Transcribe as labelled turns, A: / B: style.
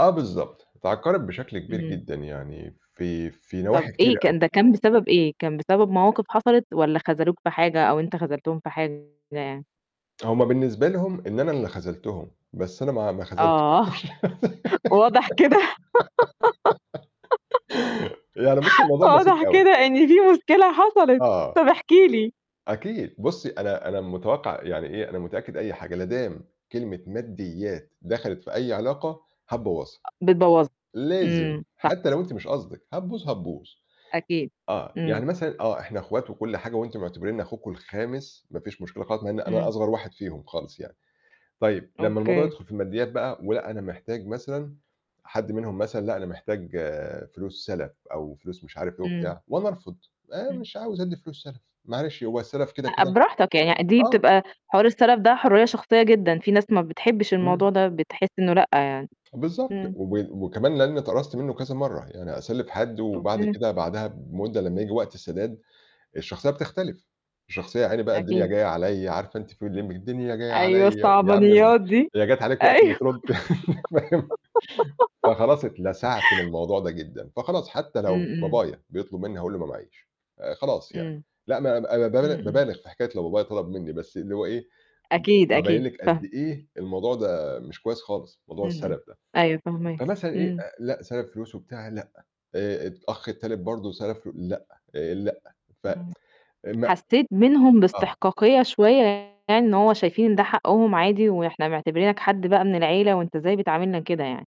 A: آه بالضبط. اتعكرت بشكل كبير
B: إمم.
A: جدًا يعني في في
B: طَب
A: نواحي
B: إيه
A: كتيرة أوي.
B: كان ده كان بسبب إيه؟ كان بسبب مواقف حصلت والّا خذلوك في حاجة أو أنت خذلتهم في حاجة يعني؟
A: هم بالنسبة لهم إن أنا اللي خذلْتهم، بس أنا ما ما خذلتش.
B: آه. واضح كده
A: يعني بُصّي الموضوع بسيط
B: واضح
A: أوي.
B: كده إن فيه مشكلة حصَلت،
A: آه.
B: طَب احكِ لي.
A: أكيد. بُصّي، أنا أنا متوقَّع يعني إيه، أنا متأكد أي حاجة، لا دام كلمة مادّيات دخَلِت في أي علاقة هتبوّظها،
B: أ بتبوَّظها.
A: لازم،
B: إمم، صح.
A: حتّى لو أنتِ مش قصدِك، هتبوظ، هتبوظ.
B: أكيد.
A: آه.
B: إمم.
A: يعني مثلًا آه، إحنا أخوات وكل حاجة وأنتم معتبرينّي أخوكم الخامس، ما فيش مشكلة خالص، مع إن أنا
B: إمم.
A: أصغر واحد فيهم خالص يعني، طيب لمّا الموضوع
B: أوكي.
A: يدخُل في المادّيات بقى ولأ أنا محتاج مثلًا حد منهم مثلًا لأ، أنا محتاج فلوس سَلَف أو فلوس مش عارف إيه
B: إمم.
A: وبتاع وأنا أرفض، آآ
B: إمم.
A: مش عاوز أدّي فلوس سَلَف، معلش هو السَلَف كده
B: أ
A: كده
B: براحتك يعني، دي
A: آه.
B: بتبقى حوار السَلَف ده حُرّية شخصية جدًا، في ناس ما بتحبّش
A: إمم.
B: الموضوع ده، بتحس إنه لأ يعني.
A: بالضبط،
B: إمم.
A: وب وكمان لإنّي اتقرصت منّه كذا مرّة، يعني أسلِّف حد وبعد
B: أوكي.
A: كده بعدها بمدة لمّا ييجي وقت السداد الشخصية بتختلف، الشخصية يا عيني بقى الدنيا
B: أكيد.
A: جاية عليَا، عارفة أنتِ فيلم اللمبي الدنيا جاية
B: أيوه،
A: عليَا و يا عم
B: الصعبانيّات
A: [unintelligible]
B: دي،
A: هي جات عليك وقت ما
B: أيوه.
A: ترُد فاهم؟ فخلاص اتلسعْت من الموضوع ده جدًا. فخلاص حتّى
B: إمم.
A: لو
B: إمم.
A: بابايا بيطلُب منّي هاقول له ما معييش، آآ خلاص يعني.
B: إمم.
A: لأ ما أنا
B: إمم،
A: بابال
B: إمم.
A: بابالغ في حكاية لو بابايا طَلَب منّي، بس اللي هو إيه،
B: أكيد،
A: بابيّن
B: أكيد،
A: لِك قد
B: فاهمة.
A: إيه الموضوع ده مش كويس خالص، موضوع
B: إمم، إمم.
A: السَلَف ده.
B: أيوه فاهماك،
A: فمثلًا إيه،
B: إمم.
A: آآ لأ سَلف فلوس وبتاع لأ، آآ الأخ التالت برضه سَلَف لأ، آآ لأ، ف
B: إمم.
A: آآ ما
B: حسّيت منهم
A: آه.
B: باستحقاقية شوية يعني إن هو شايفين ده حقهم عادي وإحنا معتبرينك حد بقى من العيلة وأنت إزاي بتعاملنا كده يعني.